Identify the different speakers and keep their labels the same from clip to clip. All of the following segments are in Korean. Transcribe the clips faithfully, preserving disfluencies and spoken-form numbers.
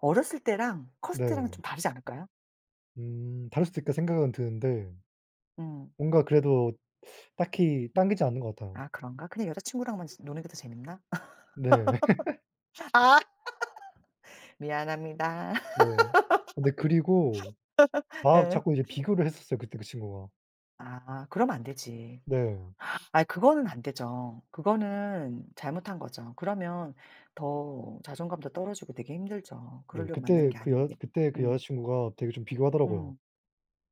Speaker 1: 어렸을 때랑 컸을 때랑은
Speaker 2: 네.
Speaker 1: 좀 다르지 않을까요?
Speaker 2: 음. 다를 수도 있다 생각은 드는데
Speaker 1: 음.
Speaker 2: 뭔가 그래도 딱히 땅기지 않는 것 같아요.
Speaker 1: 아, 그런가? 그냥 여자 친구랑만 저 노는 게 더 재미있나?
Speaker 2: 네.
Speaker 1: 아. 미안합니다.
Speaker 2: 네. 근데 그리고 막
Speaker 1: 예.
Speaker 2: 자꾸 이제 비교를 했었어요, 그때 그 친구가.
Speaker 1: 아. 그러면 안 되지.
Speaker 2: 네.
Speaker 1: 아이, 그거는 안 되죠. 그거는 잘못한 거죠. 그러면 더 자존감도 떨어지고 되게 힘들죠.
Speaker 2: 네.
Speaker 1: 그러려고 만나는
Speaker 2: 그때
Speaker 1: 게
Speaker 2: 그 여자
Speaker 1: 아닌데.
Speaker 2: 그때 그 여자
Speaker 1: 음.
Speaker 2: 친구가 되게 좀 비교하더라고요.
Speaker 1: 음.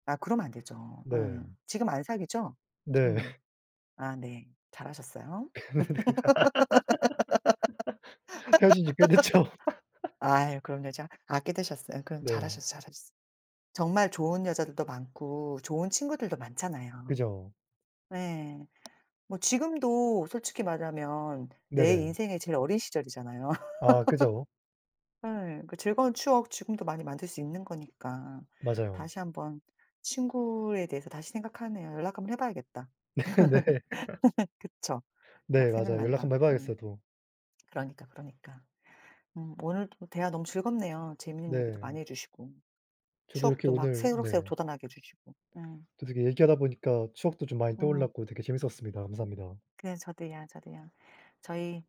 Speaker 1: 아, 그러면 안 되죠. 예.
Speaker 2: 네.
Speaker 1: 지금 안 사귀죠?
Speaker 2: 네.
Speaker 1: 음. 아, 네. 잘하셨어요.
Speaker 2: 헤어진 지 꽤 됐죠.
Speaker 1: 아유, 그런 여자 아, 꽤 되셨어요? 그럼
Speaker 2: 네.
Speaker 1: 잘하셨어요, 잘하셨어요. 정말 좋은 여자들도 많고 좋은 친구들도 많잖아요.
Speaker 2: 그죠.
Speaker 1: 네. 뭐 지금도 솔직히 말하면 내
Speaker 2: 네네.
Speaker 1: 인생에 제일 어린 시절이잖아요.
Speaker 2: 아, 그죠.
Speaker 1: 예. 그 즐거운 추억 지금도 많이 만들 수 있는 거니까
Speaker 2: 맞아요.
Speaker 1: 다시 한 번 친구에 대해서 다시 생각하네요. 연락 한 번 해 봐야겠다.
Speaker 2: 네네.
Speaker 1: 그쵸. 막
Speaker 2: 네, 맞아요. 연락 한
Speaker 1: 생각난다.
Speaker 2: 번 해
Speaker 1: 음.
Speaker 2: 봐야겠어요, 또.
Speaker 1: 그러니까, 그러니까. 음. 오늘도 대화 너무 즐겁네요, 재미있는 얘기도 많이
Speaker 2: 네.
Speaker 1: 해 주시고.
Speaker 2: 저도 이렇게
Speaker 1: 추억도 막
Speaker 2: 오늘
Speaker 1: 새록새록
Speaker 2: 네.
Speaker 1: 돋아나게 해 주시고. 음.
Speaker 2: 또 되게 얘기하다 보니까 추억도 좀 많이
Speaker 1: 음.
Speaker 2: 떠올랐고 되게 재밌었습니다. 감사합니다.
Speaker 1: 그래. 저도요, 저도요. 저희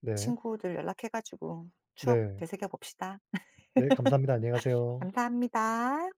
Speaker 2: 네.
Speaker 1: 친구들 연락해 가지고 추억
Speaker 2: 네.
Speaker 1: 되새겨 봅시다.
Speaker 2: 네, 감사합니다. 안녕히 가세요.
Speaker 1: 감사합니다.